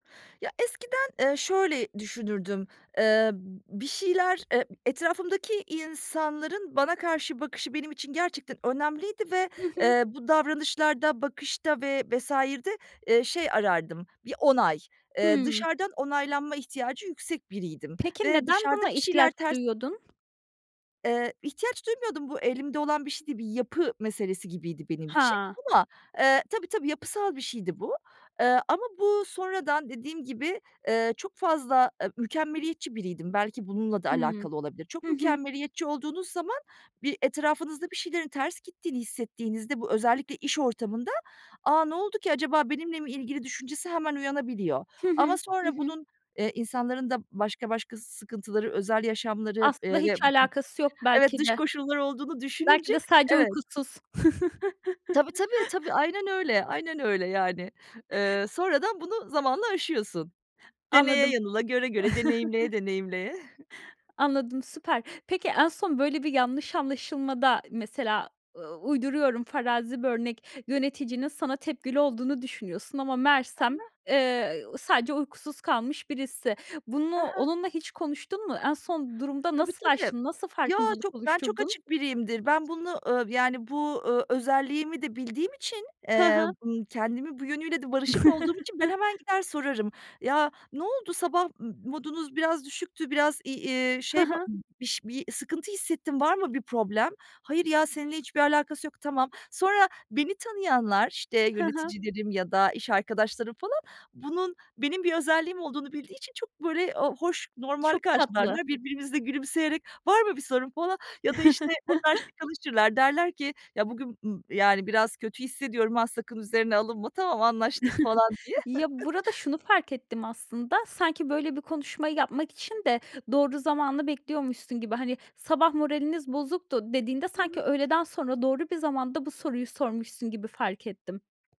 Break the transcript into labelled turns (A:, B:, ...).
A: Ya, eskiden, ııı, şöyle düşünürdüm, ııı, b bir şeyler, ııı, etrafımdaki insanların bana karşı bakışı benim için gerçekten önemliydi ve,
B: Hı hı.
A: eee, bu davranışlarda, bakışta ve vs.'de, ııı, şey arardım, bir onay. Eee,
B: Hıı.
A: dışarıdan onaylanma ihtiyacı yüksek biriydim
B: Peki,
A: ve
B: neden
A: dışarıda
B: buna
A: bir
B: ihtiyaç
A: şeyler ters
B: duyuyordun?
A: Eee, ihtiyaç duymuyordum. Bu elimde olan bir şey değil, bir yapı meselesi gibiydi benim için
B: Ha.
A: ama, ııı, tabii, tabii, yapısal bir şeydi bu. Iıı, ama bu sonradan dediğim gibi, ııı, çok fazla a mükemmeliyetçi biriydim. Belki bununla da
B: Hıı.
A: alakalı olabilir. Çok
B: Hı hı.
A: mükemmeliyetçi olduğunuz zaman, bir, etrafınızda bir şeylerin ters gittiğini hissettiğinizde bu, özellikle iş ortamında, "A, ne oldu ki acaba? Benimle mi ilgili?" düşüncesi hemen uyanabiliyor.
B: Hı
A: Ama
B: hı, hı
A: sonra
B: hı.
A: bunun, eee, insanların da başka başka sıkıntıları, özel yaşamları, eee,
B: Aslında
A: ve b
B: hiç
A: b
B: alakası yok
A: evet,
B: belki
A: dış
B: de.
A: koşulları olduğunu düşününce,
B: Belki de sadece
A: evet.
B: uykusuz.
A: Tabii, tabii, tabii. Aynen öyle, aynen öyle, yani. Iıı, sonradan bunu zamanla aşıyorsun. Deneye
B: Anladım.
A: yanıla, göre göre, deneyimleye deneyimleye.
B: Anladım, süper. Peki, en son böyle bir yanlış anlaşılmada, mesela, ııı, uyduruyorum, farazi bir örnek, yöneticinin sana tepkili olduğunu düşünüyorsun ama meğersem,
A: [unintelligible]
B: eee, sadece uykusuz kalmış birisi. Bunu
A: Hı hı.
B: onunla hiç konuştun mu? En son durumda
A: Tabii,
B: nasıl
A: tabii.
B: aştın? Nasıl
A: Yo,
B: farkındalık
A: ben çok
B: oluşturdun?
A: açık biriyimdir. Ben bunu, ııı, yani bu, ııı, özelliğimi de bildiğim için,
B: Hı
A: eee,
B: hı.
A: ımm, kendimin bu yönüyle de barışık olduğum için ben hemen gider sorarım. "Ya, ne oldu, sabah modunuz biraz düşüktü, biraz i ııı,
B: Hı
A: şey,
B: hı.
A: bi ş bir sıkıntı hissettim, var mı bir problem?" "Hayır ya, seninle hiçbir alakası yok." Tamam. Sonra beni tanıyanlar, işte
B: Hı hı.
A: yöneticilerim ya da iş arkadaşlarım falan, bunun benim bir özelliğim olduğunu bildiği için çok böyle, ııı, hoş normal
B: Çok tatlı.
A: karşılarlar. Birbirimize gülümseyerek "Var mı bir sorun?" falan ya da, işte, onlar şakalaşırlar. Derler ki, "Ya bugün m yani biraz kötü hissediyorum, ha, sakın üzerine alınma." "Tamam, anlaştık." falan diye.
B: Ya, burada şunu fark ettim aslında. Sanki böyle bir konuşmayı yapmak için de doğru zamanı bekliyormuşsun gibi. Hani, "Sabah moraliniz bozuktu." dediğinde,
A: Hı
B: sanki
A: hı.
B: öğleden sonra doğru bir zamanda bu soruyu sormuşsun gibi fark ettim.